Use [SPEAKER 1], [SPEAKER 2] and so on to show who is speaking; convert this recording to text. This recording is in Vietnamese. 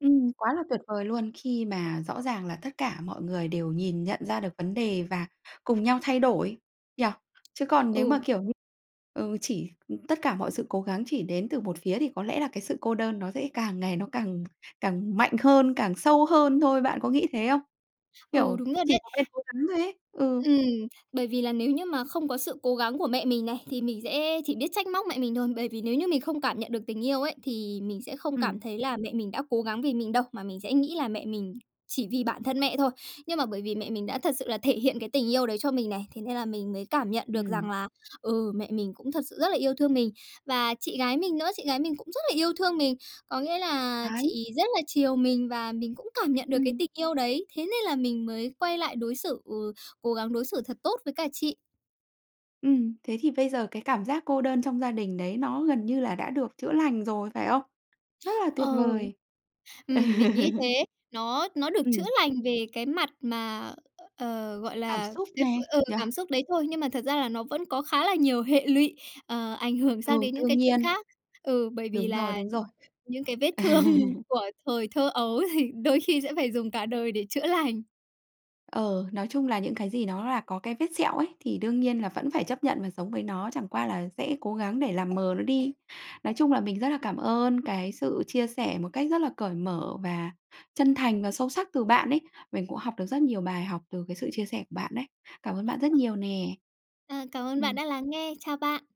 [SPEAKER 1] Ừm, quá là tuyệt vời luôn! Khi mà rõ ràng là tất cả mọi người đều nhìn nhận ra được vấn đề và cùng nhau thay đổi nhỉ? Chứ còn nếu mà
[SPEAKER 2] Ừ.
[SPEAKER 1] kiểu nh ừ, chỉ, ừm, tất cả mọi sự cố gắng chỉ đến từ một phía thì có lẽ là cái sự cô đơn nó sẽ càng ngày nó càng càng mạnh hơn, càng sâu hơn thôi. Bạn có nghĩ thế không?
[SPEAKER 2] Ừ,
[SPEAKER 1] Kiểu,
[SPEAKER 2] đúng rồi
[SPEAKER 1] chỉ
[SPEAKER 2] đấy!
[SPEAKER 1] một bên cố gắng thôi ấy. Ừ.
[SPEAKER 2] Ừm. Bởi vì là nếu như mà không có sự cố gắng của mẹ mình này, thì mình sẽ chỉ biết trách móc mẹ mình thôi, bởi vì nếu như mình không cảm nhận được tình yêu ấy, thì mình sẽ không cảm
[SPEAKER 1] Ừm.
[SPEAKER 2] thấy là mẹ mình đã cố gắng vì mình đâu mà mình sẽ nghĩ là mẹ mình chỉ vì bản thân mẹ thôi. Nhưng mà bởi vì mẹ mình đã thật sự là thể hiện cái tình yêu đấy cho mình này, thế nên là mình mới cảm nhận được
[SPEAKER 1] Ừm.
[SPEAKER 2] rằng là, ừ, mẹ mình cũng thật sự rất là yêu thương mình. Và chị gái mình nữa, chị gái mình cũng rất là yêu thương mình, có nghĩa là
[SPEAKER 1] Đấy!
[SPEAKER 2] chị rất là chiều mình và mình cũng cảm nhận được cái
[SPEAKER 1] Ừm.
[SPEAKER 2] tình yêu đấy. Thế nên là mình mới quay lại đối xử, ừ, cố gắng đối xử thật tốt với cả chị.
[SPEAKER 1] Ừm, thế thì bây giờ cái cảm giác cô đơn trong gia đình đấy nó gần như là đã được chữa lành rồi, phải không? Rất là
[SPEAKER 2] Ờ.
[SPEAKER 1] tuyệt vời!
[SPEAKER 2] Ừm, mình nghĩ thế. Nó nó được chữa
[SPEAKER 1] Ừm.
[SPEAKER 2] lành về cái mặt mà, ờ, gọi
[SPEAKER 1] Cảm
[SPEAKER 2] là,
[SPEAKER 1] xúc
[SPEAKER 2] cái v
[SPEAKER 1] nè
[SPEAKER 2] ờ,
[SPEAKER 1] nhỉ?
[SPEAKER 2] cảm xúc đấy thôi, nhưng mà thật ra là nó vẫn có khá là nhiều hệ lụy, ờ, ảnh hưởng sang
[SPEAKER 1] Ừ,
[SPEAKER 2] đến những
[SPEAKER 1] đương
[SPEAKER 2] cái chuyện
[SPEAKER 1] nhiên!
[SPEAKER 2] khác. Ừ, bởi vì
[SPEAKER 1] Đúng rồi,
[SPEAKER 2] là
[SPEAKER 1] đúng rồi.
[SPEAKER 2] những cái vết thương của thời thơ ấu thì đôi khi sẽ phải dùng cả đời để chữa lành.
[SPEAKER 1] Ờ, nói chung là những cái gì nó là có cái vết sẹo ấy, thì đương nhiên là vẫn phải chấp nhận và sống với nó, chẳng qua là sẽ cố gắng để làm mờ nó đi. Nói chung là mình rất là cảm ơn cái sự chia sẻ một cách rất là cởi mở và chân thành và sâu sắc từ bạn ấy. Mình cũng học được rất nhiều bài học từ cái sự chia sẻ của bạn đấy. Cảm ơn bạn rất
[SPEAKER 2] Ờ.
[SPEAKER 1] nhiều nè!
[SPEAKER 2] À, cảm ơn bạn
[SPEAKER 1] Ừm.
[SPEAKER 2] đã lắng nghe. Chào bạn!